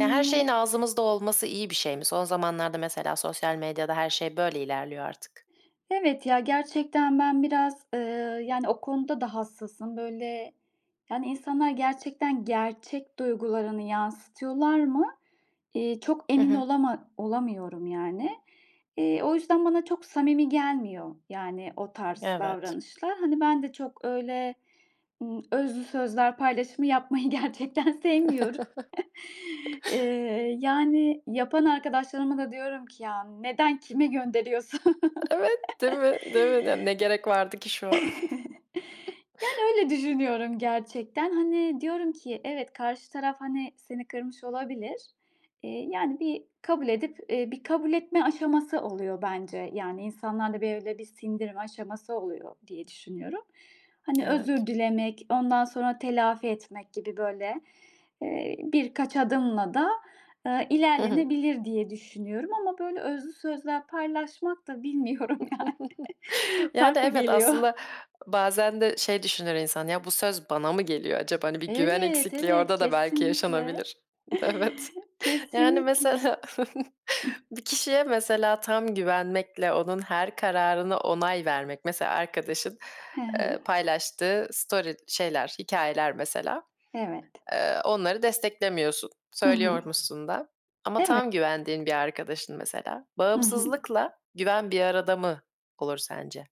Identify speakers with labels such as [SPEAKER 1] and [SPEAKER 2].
[SPEAKER 1] Ya, her şeyin ağzımızda olması iyi bir şey mi? Son zamanlarda, mesela sosyal medyada her şey böyle ilerliyor artık.
[SPEAKER 2] Evet, ya gerçekten ben biraz, eee, yani o konuda da hassasım. Böyle, yani insanlar gerçekten, gerçek duygularını yansıtıyorlar mı, iii, çok
[SPEAKER 1] Hı
[SPEAKER 2] emin
[SPEAKER 1] hı.
[SPEAKER 2] olama olamıyorum yani. Eee, o yüzden bana çok samimi gelmiyor, yani o tarz
[SPEAKER 1] Evet.
[SPEAKER 2] davranışlar. Hani, ben de çok öyle, ımm, özlü sözler paylaşımı yapmayı gerçekten sevmiyorum. Eee, yani yapan arkadaşlarıma da diyorum ki, "Ya, neden kime gönderiyorsun?"
[SPEAKER 1] Evet değil mi? Değil mi? N ne gerek vardı ki şu an?
[SPEAKER 2] Yani, öyle düşünüyorum gerçekten. Hani, diyorum ki: Evet, karşı taraf hani seni kırmış olabilir. Eee, yani bir kabul edip, eee, bir kabul etme aşaması oluyor bence. Yani, insanlarla bir öyle bir sindirme aşaması oluyor diye düşünüyorum. Hani,
[SPEAKER 1] Evet.
[SPEAKER 2] özür dilemek, ondan sonra telafi etmek gibi, böyle, eee, birkaç adımla da, ııı,
[SPEAKER 1] Hı hı.
[SPEAKER 2] ilerlenebilir diye düşünüyorum ama böyle özlü sözler paylaşmak da bilmiyorum yani
[SPEAKER 1] Yani
[SPEAKER 2] farklı
[SPEAKER 1] evet,
[SPEAKER 2] geliyor.
[SPEAKER 1] aslında bazen de şey düşünür insan, "Ya bu söz bana mı geliyor acaba?" Hani bir güven
[SPEAKER 2] Evet,
[SPEAKER 1] eksikliği
[SPEAKER 2] evet,
[SPEAKER 1] orada da belki
[SPEAKER 2] kesinlikle. Kesinlikle.
[SPEAKER 1] yaşanabilir. Evet, yani
[SPEAKER 2] Kesinlikle. Hıh.
[SPEAKER 1] mesela bir kişiye, mesela, tam güvenmekle, onun her kararına onay vermek, mesela, arkadaşın,
[SPEAKER 2] He he.
[SPEAKER 1] ııı, paylaştığı story şeyler hikâyeler mesela.
[SPEAKER 2] Evet.
[SPEAKER 1] Eee, onları desteklemiyorsun,
[SPEAKER 2] Hı hı.
[SPEAKER 1] söylüyormuşsun da ama
[SPEAKER 2] Evet.
[SPEAKER 1] tam güvendiğin bir arkadaşın mesela,
[SPEAKER 2] Hı hı.
[SPEAKER 1] bağımsızlıkla güven bir arada mı olur sence?